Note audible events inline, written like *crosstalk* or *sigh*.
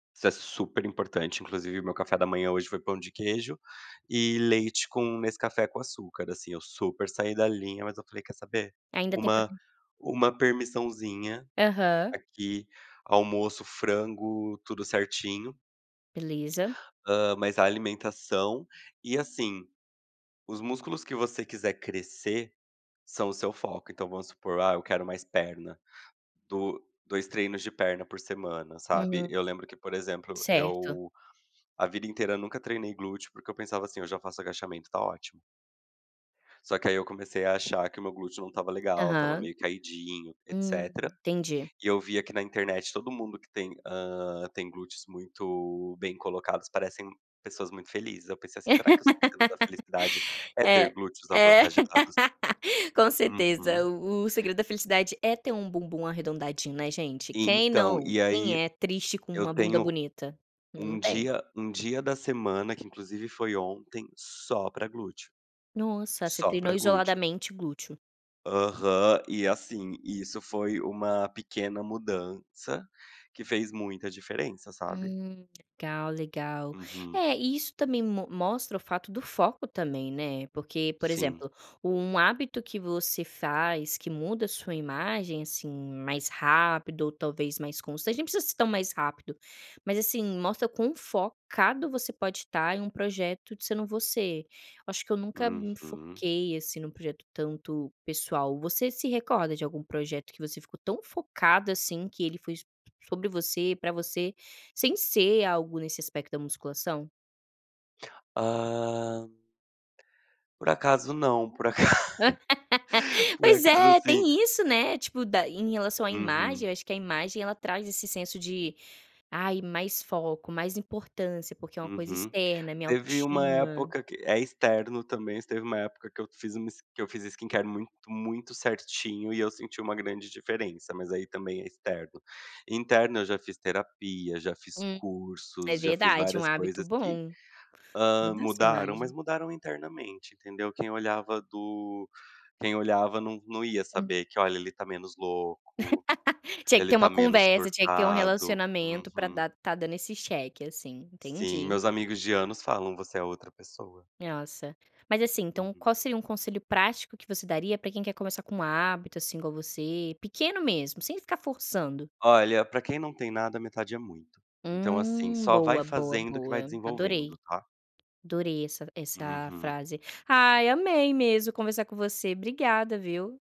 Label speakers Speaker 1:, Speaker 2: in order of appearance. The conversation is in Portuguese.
Speaker 1: Isso é super importante, inclusive o meu café da manhã hoje foi pão de queijo e leite com Nescafé com açúcar, assim eu super saí da linha, mas eu falei: “Quer saber?
Speaker 2: Ainda tem
Speaker 1: Uma
Speaker 2: proteína
Speaker 1: uma permissãozinha
Speaker 2: Aham.
Speaker 1: aqui”. Almoço frango, tudo certinho.
Speaker 2: Beleza.
Speaker 1: Hã, mas a alimentação, e assim, os músculos que você quiser crescer, são o seu foco. Então vamos supor: “Ah, eu quero mais perna”, do 2 treinos de perna por semana, sabe.
Speaker 2: Uhum,
Speaker 1: Eu lembro que, por exemplo,
Speaker 2: certo.
Speaker 1: eu, a vida inteira nunca treinei glúteo porque eu pensava assim: “Eu já faço agachamento, está ótimo”. Só que aí eu comecei a achar que o meu glúteo não estava legal, estava
Speaker 2: Aham.
Speaker 1: meio caidinho, etc.
Speaker 2: Hum, entendi.
Speaker 1: E eu via aqui na internet todo mundo que tem, hã, tem glúteos muito bem colocados, parecem pessoas muito felizes. Eu pensei assim: “Será que o segredo da felicidade
Speaker 2: *laughs*
Speaker 1: é ter
Speaker 2: É,
Speaker 1: glúteos
Speaker 2: é
Speaker 1: avantajados?”.
Speaker 2: *laughs* com certeza
Speaker 1: Uhum.
Speaker 2: o o segredo da felicidade é ter um bumbum arredondadinho, né, gente? Quem
Speaker 1: Então
Speaker 2: não?
Speaker 1: e
Speaker 2: Quem
Speaker 1: aí,
Speaker 2: é triste com
Speaker 1: eu
Speaker 2: uma bunda
Speaker 1: tenho,
Speaker 2: bonita? Não
Speaker 1: um
Speaker 2: tem.
Speaker 1: dia um dia da semana que inclusive foi ontem só pra glúteo.
Speaker 2: Nossa, você
Speaker 1: Só
Speaker 2: treinou
Speaker 1: pra glúteo.
Speaker 2: isoladamente glúteo.
Speaker 1: Aham, e assim isso foi uma pequena mudança que fez muita diferença sabe?
Speaker 2: Hum legal, legal.
Speaker 1: Uhum.
Speaker 2: É, e isso também mo mostra o fato do foco também, né. Porque, por
Speaker 1: Sim.
Speaker 2: exemplo, um hábito que você faz que muda a sua imagem assim mais rápido ou talvez mais constante, nem precisa ser tão mais rápido, mas assim, mostra quão focado você pode estar em um projeto de sendo você. Eu acho que eu nunca me
Speaker 1: Uhum.
Speaker 2: foquei assim num projeto tanto pessoal. Você se recorda de algum projeto que você ficou tão focado assim que ele foi sobre você pra você, sem ser algo nesse aspecto da musculação?
Speaker 1: Hã por acaso não, por aca
Speaker 2: *laughs*
Speaker 1: *chuckles* por
Speaker 2: Pois
Speaker 1: acaso
Speaker 2: é,
Speaker 1: sim.
Speaker 2: tem isso, né, tipo da em relação à imagem,
Speaker 1: Uhum.
Speaker 2: eu acho que a imagem ela traz esse senso de ai mais foco mais importância porque é uma coisa
Speaker 1: Uhum.
Speaker 2: externa é minha
Speaker 1: Teve uma
Speaker 2: autoestima.
Speaker 1: época que é externo também, teve uma época que eu fiz que eu fiz skincare muito muito certinho e eu senti uma grande diferença. Mas aí também é externo. Interno eu já fiz terapia, já fiz
Speaker 2: Hum, é
Speaker 1: cursos, já fiz
Speaker 2: verdade, é um
Speaker 1: várias
Speaker 2: hábito
Speaker 1: coisas que,
Speaker 2: bom.
Speaker 1: hã,
Speaker 2: Muda a sua
Speaker 1: mudaram mas
Speaker 2: imagem.
Speaker 1: mudaram internamente, entendeu? Quem olhava do quem olhava não não ia
Speaker 2: Hum.
Speaker 1: saber que olha ele está menos louco,
Speaker 2: *laughs* Tinha que
Speaker 1: ele
Speaker 2: ter uma
Speaker 1: está menos
Speaker 2: conversa, tinha que ter um
Speaker 1: surtado.
Speaker 2: relacionamento pra
Speaker 1: Uhum.
Speaker 2: dar estar dando esse cheque, assim,
Speaker 1: Sim,
Speaker 2: entendi.
Speaker 1: meus amigos de anos falam você é outra pessoa.
Speaker 2: Nossa, mas assim, então
Speaker 1: Uhum.
Speaker 2: qual seria um conselho prático que você daria pra quem quer começar com hábito assim igual a você, pequeno mesmo, sem ficar forçando?
Speaker 1: Olha pra quem não tem nada a metade é muito, então, assim,
Speaker 2: Hum,
Speaker 1: só vai
Speaker 2: boa, boa,
Speaker 1: fazendo que vai
Speaker 2: boa, adorei,
Speaker 1: desenvolvendo, tá.
Speaker 2: adorei essa essa
Speaker 1: Uhum.
Speaker 2: frase aí, amei mesmo conversar com você, obrigada, viu.